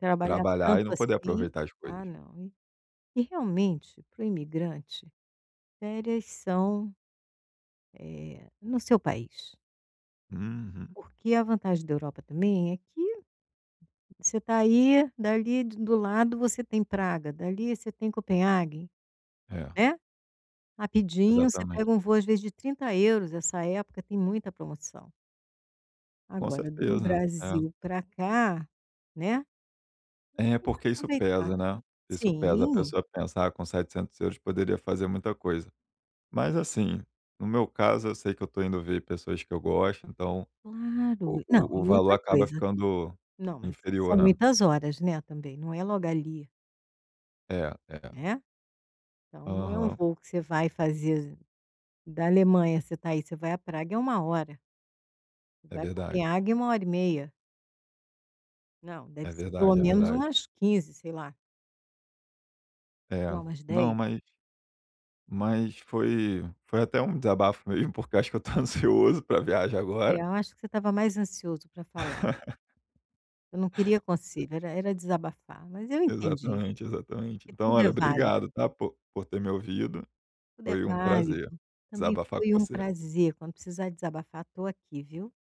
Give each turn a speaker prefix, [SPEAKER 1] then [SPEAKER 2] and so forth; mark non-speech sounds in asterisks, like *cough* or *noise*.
[SPEAKER 1] Trabalhar
[SPEAKER 2] Trabalhar e
[SPEAKER 1] tanto
[SPEAKER 2] não poder
[SPEAKER 1] assim,
[SPEAKER 2] aproveitar as
[SPEAKER 1] ah,
[SPEAKER 2] coisas.
[SPEAKER 1] não. E e realmente para o imigrante, férias são, eh, no seu país.
[SPEAKER 2] Uhum.
[SPEAKER 1] Porque a vantagem da Europa também é que você tá aí, dali de do lado você tem Praga, dali você tem Copenhaguen,
[SPEAKER 2] É.
[SPEAKER 1] né. Rapidinho você
[SPEAKER 2] Exatamente.
[SPEAKER 1] pega um voo, às vezes de 30€, essa época tem muita promoção.
[SPEAKER 2] Com
[SPEAKER 1] Agora do
[SPEAKER 2] certeza, é.
[SPEAKER 1] Brasil pra cá, né,
[SPEAKER 2] É,
[SPEAKER 1] *unintelligible*
[SPEAKER 2] porque isso
[SPEAKER 1] aproveitar.
[SPEAKER 2] pesa, né, isso pesa. A
[SPEAKER 1] Sim.
[SPEAKER 2] pessoa pensa: "Ah, com 700€ poderia fazer muita coisa". Mas, assim, no meu caso, eu sei que eu estou indo ver pessoas que eu gosto, então o
[SPEAKER 1] Claro. Não,
[SPEAKER 2] o o
[SPEAKER 1] e
[SPEAKER 2] valor
[SPEAKER 1] outra
[SPEAKER 2] acaba
[SPEAKER 1] coisa
[SPEAKER 2] ficando
[SPEAKER 1] não, mas e
[SPEAKER 2] inferior,
[SPEAKER 1] são
[SPEAKER 2] né.
[SPEAKER 1] muitas horas, né, também. Não é logo ali.
[SPEAKER 2] É, é.
[SPEAKER 1] Né. Então não é um
[SPEAKER 2] Aham.
[SPEAKER 1] voo que você vai fazer da Alemanha, você está aí, você vai a Praga é 1 hora. Você
[SPEAKER 2] É,
[SPEAKER 1] vai a
[SPEAKER 2] verdade.
[SPEAKER 1] Copenhaguen é 1 hora e meia. Não, deve
[SPEAKER 2] É
[SPEAKER 1] ser pelo
[SPEAKER 2] verdade, é
[SPEAKER 1] menos
[SPEAKER 2] verdade.
[SPEAKER 1] umas 15, sei lá.
[SPEAKER 2] É,
[SPEAKER 1] Não, umas 10.
[SPEAKER 2] não, mas mas foi foi até um desabafo mesmo, porque acho que eu estou ansioso pra viagem
[SPEAKER 1] É,
[SPEAKER 2] agora.
[SPEAKER 1] eu acho que você estava mais ansioso pra falar.
[SPEAKER 2] *laughs*
[SPEAKER 1] Você não queria conselho, era era desabafar. Mas eu entendi,
[SPEAKER 2] Exatamente, exatamente.
[SPEAKER 1] porque
[SPEAKER 2] Então,
[SPEAKER 1] tudo
[SPEAKER 2] olha,
[SPEAKER 1] é váli
[SPEAKER 2] obrigado, tá, por por ter me ouvido.
[SPEAKER 1] Tudo é
[SPEAKER 2] Foi um
[SPEAKER 1] válido.
[SPEAKER 2] prazer
[SPEAKER 1] Também
[SPEAKER 2] desabafar com
[SPEAKER 1] foi um
[SPEAKER 2] você.
[SPEAKER 1] prazer, quando precisar desabafar estou aqui, viu.